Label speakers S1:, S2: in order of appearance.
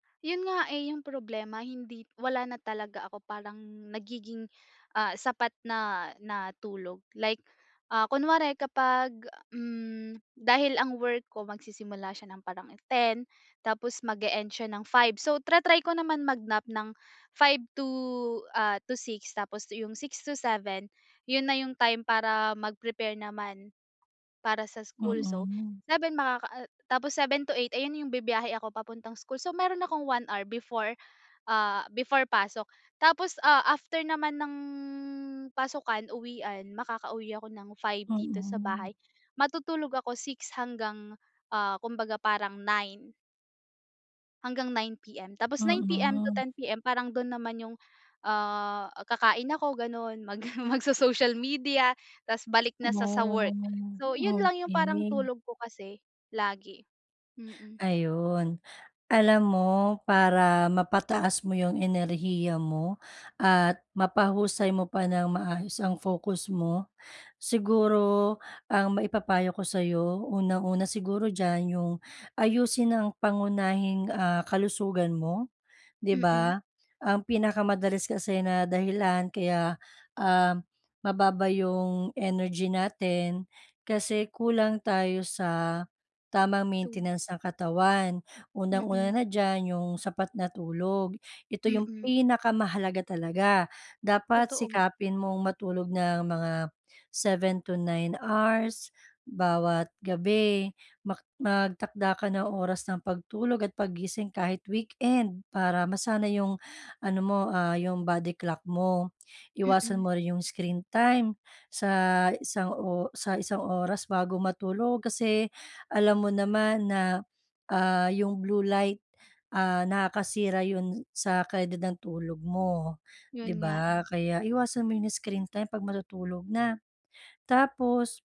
S1: 'Yon nga eh, yung problema, hindi wala na talaga ako, parang nagiging, ah, sapat na na tulog. Like, ah, kunware kapag, hmm, dahil ang work ko magsisimula siya ng parang 10:00, tapos mag-e-end siya ng 5:00. So, tra-try ko naman mag-nap ng, 5:00 to, ah, to 6:00 tapos yung 6:00 to 7:00, 'yon na yung time para mag-prepare naman, para sa school. So,
S2: Mm.
S1: 7:00 makaka ah, tapos 7:00 to 8:00 ayan yung, bibiyahe ako papuntang school. So, meron akong 1 hour before, ah, before pasok, tapos, ah, after naman ng pasukan, uwian, makakauwi ako ng 5:00 dito sa
S2: Mm.
S1: bahay, matutulog ako, 6:00 hanggang, ah, kumbaga parang 9:00. Hanggang 9:00 PM. Tapos 9:00 PM to
S2: Mm.
S1: 10:00 PM, parang do'n naman yung, ah, kakain ako gano'n, mag mag-so-social media, 'tas balik na sa sa work.
S2: Oh,
S1: So, 'yon lang yung parang
S2: okey.
S1: tulog ko kasi, lagi, mm.
S2: Ayun. Alam mo, para mapataas mo yung enerhiya mo, at mapahusay mo pa nang maayos ang focus mo, siguro ang maipapayo ko sa'yo, unang-una siguro diyan, yung ayusin ang pangunahing, ah, kalusugan mo, 'di
S1: Mm.
S2: ba? Ang pinakamadalas kasi na dahilan kaya, ah, mababa yung energy natin, kasi kulang tayo sa tamang
S1: To
S2: maintenance ng katawan.
S1: Mm.
S2: Unang-una na diyan, yung sapat na tulog, ito yung
S1: Mm.
S2: pinakamahalaga talaga. Dapat
S1: Totoo.
S2: sikapin mong matulog ng mga 7 to 9 hours bawat gabi, mak magtakda ka ng oras ng pagtulog at paggising kahit weekend, para masanay yung, ano mo, ah, yung body clock mo. Iwasan
S1: Mm.
S2: mo rin yung screen time sa, isang o sa isang oras bago matulog, kasi alam mo naman na, ah, yung blue light, ah, nakakasira 'yon sa kalidad ng tulog mo, 'di
S1: 'Yon nga eh.
S2: ba? Kaya iwasan mo yung screen time 'pag matutulog na. Tapos